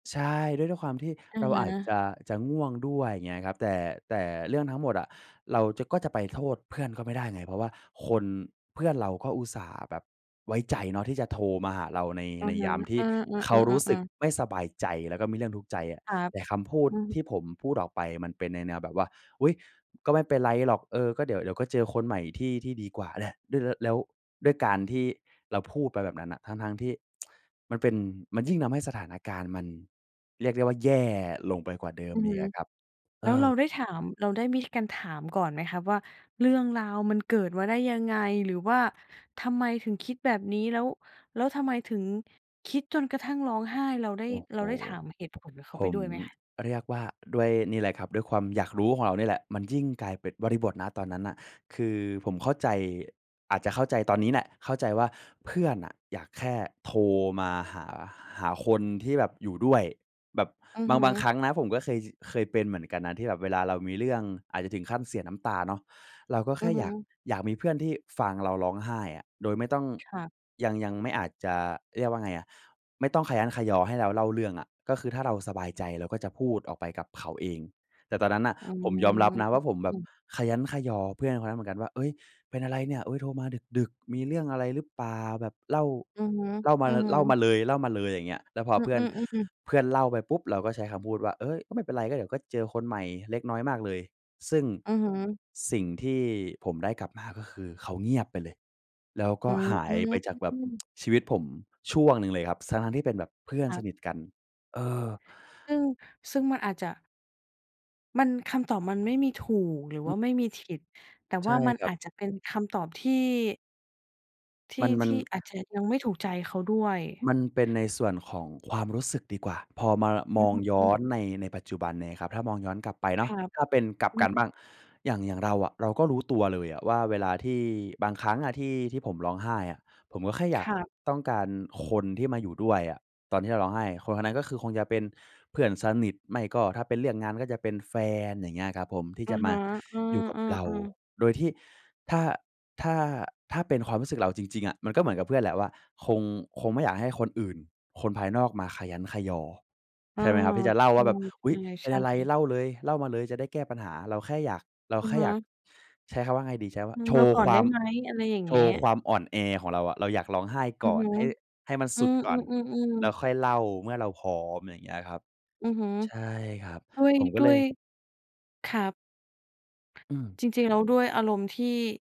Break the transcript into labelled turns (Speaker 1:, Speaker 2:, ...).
Speaker 1: ใช่ ด้วย ด้วยความที่
Speaker 2: อะ
Speaker 1: เรา
Speaker 2: ฮ
Speaker 1: อาจจ
Speaker 2: ะ
Speaker 1: ะ จะง่วงด้วย อย่างเงี้ยครับ แต่ แต่เรื่องทั้งหมดอะ เราจะ ก็จะไปโทษเพื่อนก็ไม่ได้ไง เพราะว่าคน เพื่อนเราก็อุตส่าห์แบบไว้ใจเนาะที่จะโทรมาหาเราใน
Speaker 2: อะ
Speaker 1: ใน
Speaker 2: ฮ
Speaker 1: ย
Speaker 2: ะ
Speaker 1: ามที
Speaker 2: อ
Speaker 1: ่
Speaker 2: ื
Speaker 1: เขารู้สึ
Speaker 2: อ
Speaker 1: ก
Speaker 2: ๆ ๆ ๆ ๆ
Speaker 1: ไม่สบายใจ แล้วก็มีเรื่องทุกข์ใจอะ
Speaker 2: ครับ
Speaker 1: แต่คำพูด
Speaker 2: อือฮ
Speaker 1: ท
Speaker 2: ึ
Speaker 1: ี่ผมพูดออกไปมันเป็นในแนวแบบว่า "อุ๊ย ก็ไม่เป็นไรหรอก เออ ก็เดี๋ยว เดี๋ยวก็เจอคนใหม่ที่ ที่ดีกว่าแหละ" ด้วย ล แล้วด้วยการที่เราพูดไปแบบนั้นน่ะ ทั้ง ๆ ที่ มันเป็น มันยิ่งทำให้สถานการณ์มันเรียกได้ว่าแย่ลงไปกว่าเดิม
Speaker 2: อือ
Speaker 1: อ
Speaker 2: ฮ
Speaker 1: ี
Speaker 2: ึ
Speaker 1: กอะครับ เ
Speaker 2: แ
Speaker 1: อ
Speaker 2: ล้วเรา
Speaker 1: อ
Speaker 2: ได้ถาม เราได้มีการถามก่อนไหมครับว่า เรื่องราวมันเกิดมาได้ยังไง? หรือว่าทำไมถึงคิดแบบนี้ แล้ว แล้วทำไมถึงคิดจนกระทั่งร้องไห้ เราได้
Speaker 1: โอ้โ
Speaker 2: เ
Speaker 1: ฮ
Speaker 2: ราได้ถามเหตุผลกับเขา
Speaker 1: ผ
Speaker 2: ไปด
Speaker 1: ม
Speaker 2: ้วยไหมครับ?
Speaker 1: เรียกว่า ด้วยนี่แหละครับ ด้วยความอยากรู้ของเรานี่แหละมันยิ่งกลายเป็น บริบท ณ ตอนนั้นน่ะ คือผมเข้าใจ อาจจะเข้าใจตอนนี้แหละ เข้าใจว่าเพื่อนน่ะอยากแค่โทรมาหา หาคนที่แบบอยู่ด้วยแบบ
Speaker 2: อือ
Speaker 1: บ
Speaker 2: ฮ
Speaker 1: าง
Speaker 2: ึ
Speaker 1: บางครั้งนะผมก็เคย จ เคยเป็นเหมือนกันนะที่แบบเวลาเรามีเรื่องอาจจะถึงขั้นเสียน้ำตาเนาะ เราก็
Speaker 2: อ
Speaker 1: แ
Speaker 2: ื
Speaker 1: ค่
Speaker 2: อฮึ
Speaker 1: อยาก อยากมีเพื่อนที่ฟังเราร้องไห้อะ โดยไม่ต้อง
Speaker 2: ครับ
Speaker 1: ยัง ยังไม่ อาจจะ เรียกว่าไงอะ ไม่ต้องคะยั้นคะยอให้เราเล่าเรื่องอะ ก็คือถ้าเราสบายใจเราก็จะพูดออกไปกับเขาเอง แต่ตอนนั้นน่ะ
Speaker 2: อื
Speaker 1: ผมยอมรับนะว่า ผมแบบ
Speaker 2: ม
Speaker 1: คะยั้นคะยอเพื่อนคนนั้นเหมือนกันว่า "เฮ้ย เป็นอะไรเนี่ยโทรมาดึก ๆ มีเรื่องอะไรรึเปล่า? แบบเล่า
Speaker 2: อือฮ
Speaker 1: เล่ามา
Speaker 2: ึ
Speaker 1: ล เล่า
Speaker 2: ๆ
Speaker 1: มาเลย เล่ามาเลย" อะไรอย่างเงี้ย แล้วพอ
Speaker 2: อ
Speaker 1: เพื่อ
Speaker 2: ื
Speaker 1: น
Speaker 2: อ ๆ ๆ
Speaker 1: เพื่อนเล่าไปปุ๊บ เราก็ใช้คำพูดว่า "เฮ้ย ไม่เป็นไร ก็เดี๋ยวก็เจอคนใหม่ เล็กน้อยมากเลย" ซึ่ง
Speaker 2: อือฮึ
Speaker 1: สิ่งที่ผมได้กลับมา ก็คือ เขาเงียบไปเลย แล้วก
Speaker 2: อ
Speaker 1: ็
Speaker 2: ืม
Speaker 1: หายไปจากแบบ ชีวิตผมช่วงหนึ่งเลยครับ ทั้ง ๆ ที่เป็นแบบเพื่อน
Speaker 2: ครั
Speaker 1: ส
Speaker 2: บ
Speaker 1: นิทกัน เออ
Speaker 2: ซึ่ง ซึ่งมันอาจจะ มัน คำตอบมันไม่มีถูก หรือ
Speaker 1: อ
Speaker 2: ว
Speaker 1: ื
Speaker 2: ่า
Speaker 1: ม
Speaker 2: ไม่มีผิด แต่
Speaker 1: ใ
Speaker 2: ว
Speaker 1: ช่
Speaker 2: ่ามัน
Speaker 1: ครั
Speaker 2: อ
Speaker 1: บ
Speaker 2: าจจะเป็นคำตอบที่ ท
Speaker 1: ม
Speaker 2: ี
Speaker 1: ั
Speaker 2: ่
Speaker 1: น มั
Speaker 2: ท
Speaker 1: น
Speaker 2: ี่อาจจะยังไม่ถูกใจเขาด้วย
Speaker 1: มันเป็นในส่วนของความรู้สึกดีกว่าพอมา ล ม
Speaker 2: อื
Speaker 1: อ
Speaker 2: อ
Speaker 1: ง
Speaker 2: ฮึ
Speaker 1: ย
Speaker 2: ฮ
Speaker 1: ้อ
Speaker 2: ึ
Speaker 1: นใน ในปัจจุบันเนี่ยครับ ถ้ามองย้อนกลับไป
Speaker 2: ค
Speaker 1: เนา
Speaker 2: ร
Speaker 1: ะ
Speaker 2: ับ
Speaker 1: ถ้าเป็น กลับ
Speaker 2: อื
Speaker 1: ก
Speaker 2: ม
Speaker 1: ันบ้าง อย่าง อย่างเราอะ เราก็รู้ตัวเลยอะว่า เวลาที่ บางครั้งอะที่ ที่ผมร้องไห้อะผมก็แค่อย
Speaker 2: ค
Speaker 1: าก
Speaker 2: รับ
Speaker 1: ต้องการคนที่มาอยู่ด้วยอะ ตอนที่เราร้องไห้ คน ๆ นั้นก็คือ คงจะเป็นเพื่อนสนิท ไม่ก็ถ้าเป็นเรื่องงานก็จะเป็นแฟน อย่างเงี้ยครับผม ที่
Speaker 2: อะ
Speaker 1: จะม
Speaker 2: ฮ
Speaker 1: า
Speaker 2: ะ อื
Speaker 1: อยู่กับเรา
Speaker 2: อ ๆ ๆ
Speaker 1: โดยที่ ถ้า ถ้า ถ้าเป็นความรู้สึกเราจริง ๆ อะ มันก็เหมือนกับเพื่อนแหละว่า คง คงไม่อยากให้คนอื่น คนภายนอกมาคะยั้นคะยอ
Speaker 2: เอ
Speaker 1: ใ
Speaker 2: อ
Speaker 1: ช่ไหมครับ? ที่จะเล่าว่าแบบ "อุ๊ย เป
Speaker 2: ใ
Speaker 1: ็
Speaker 2: ช
Speaker 1: น
Speaker 2: ่
Speaker 1: อะไร
Speaker 2: ๆ ๆ
Speaker 1: เล่าเลย เล่ามาเลยจะได้แก้ปัญหา" เราแค่อยาก เรา
Speaker 2: อื
Speaker 1: แค
Speaker 2: อ
Speaker 1: ่
Speaker 2: ฮึ
Speaker 1: อยาก ใช้คำว่าไงดี ใช้คำว่
Speaker 2: อ
Speaker 1: า
Speaker 2: ื
Speaker 1: โ
Speaker 2: ม
Speaker 1: ช
Speaker 2: เรา
Speaker 1: ว์
Speaker 2: ก่อ
Speaker 1: ค
Speaker 2: น
Speaker 1: ว
Speaker 2: ได้
Speaker 1: าม
Speaker 2: ไหม? อะไรอย่าง
Speaker 1: โช
Speaker 2: เงี้
Speaker 1: ว
Speaker 2: ย
Speaker 1: ์ความอ่อนแอของเราอะ เราอยากร้องไห้
Speaker 2: อ
Speaker 1: ก
Speaker 2: ือ
Speaker 1: ่อ
Speaker 2: ฮ
Speaker 1: น
Speaker 2: ึ
Speaker 1: ให้ ให้มัน
Speaker 2: อ
Speaker 1: ส
Speaker 2: ื
Speaker 1: ุดก่อน
Speaker 2: อ
Speaker 1: แล
Speaker 2: ๆ
Speaker 1: ้ว
Speaker 2: ๆ ๆ
Speaker 1: ค่อยเล่าเมื่อเราพร้อม อะไรเงี้ยครับ
Speaker 2: อือฮึ
Speaker 1: ใช่ครับ
Speaker 2: ด้วย
Speaker 1: ผมก็
Speaker 2: ด้
Speaker 1: เล
Speaker 2: ว
Speaker 1: ย
Speaker 2: ย ครับ
Speaker 1: อืม
Speaker 2: จริง ๆ แล้วด้วยอารมณ์ที่